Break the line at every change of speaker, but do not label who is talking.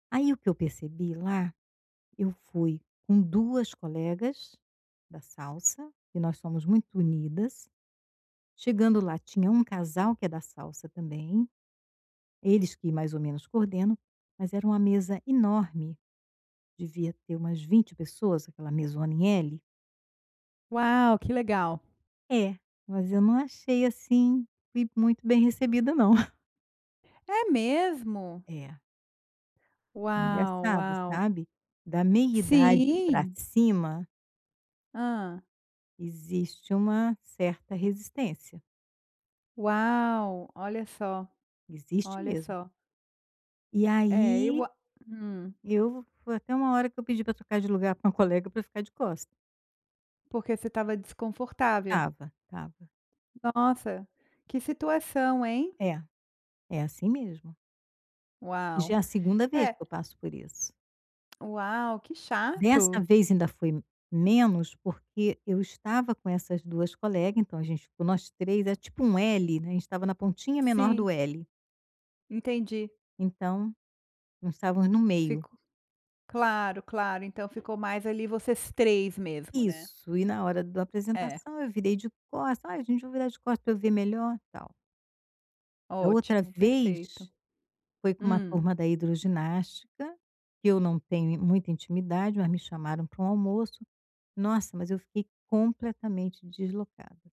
Aí o que eu percebi, lá, eu fui com duas colegas da salsa, que nós somos muito unidas. Chegando lá, tinha um casal que é da salsa também, eles que mais ou menos coordenam, mas era uma mesa enorme, devia ter umas 20 pessoas, aquela mesona em L.
Uau, que legal!
É, mas eu não achei, assim, que fui muito bem recebida não.
É mesmo?
É.
Uau!
Engraçado
Uau!
sabe, da meia idade pra
Sim.
cima.
Hã.
Existe uma certa resistência.
Uau! Olha só,
Existe
olha
mesmo.
só.
E
É eu
aí,
a hum.
eu foi até uma hora que eu pedi pra trocar de lugar com um colega pra ficar de costa.
Porque você estava desconfortável?
Estava, estava.
Nossa, que situação hein?
É, é assim mesmo. E,
Uau!
já, é a 2ª vez
É
que eu passo por isso.
Uau, que
Dessa
chato!
vez ainda foi menos, porque eu estava com essas 2 colega, então, a gente ficou nós 3, é tipo um L, né, a gente estava na pontinha menor
Sim.
do L.
Entendi.
Então, nós estávamos no meio.
Fico Claro, claro, então, ficou mais, ali, vocês 3 mesmo, né?
Isso, e na hora da
É.
apresentação eu virei de costa: "Ai gente vou virar de costa pra eu ver melhor", tal. Da outra
Ótimo perfeito,
vez, foi com uma
hum.
turma da hidroginástica que eu não tenho muita intimidade, mas me chamaram pra um almoço Nossa, mas eu fiquei completamente deslocada.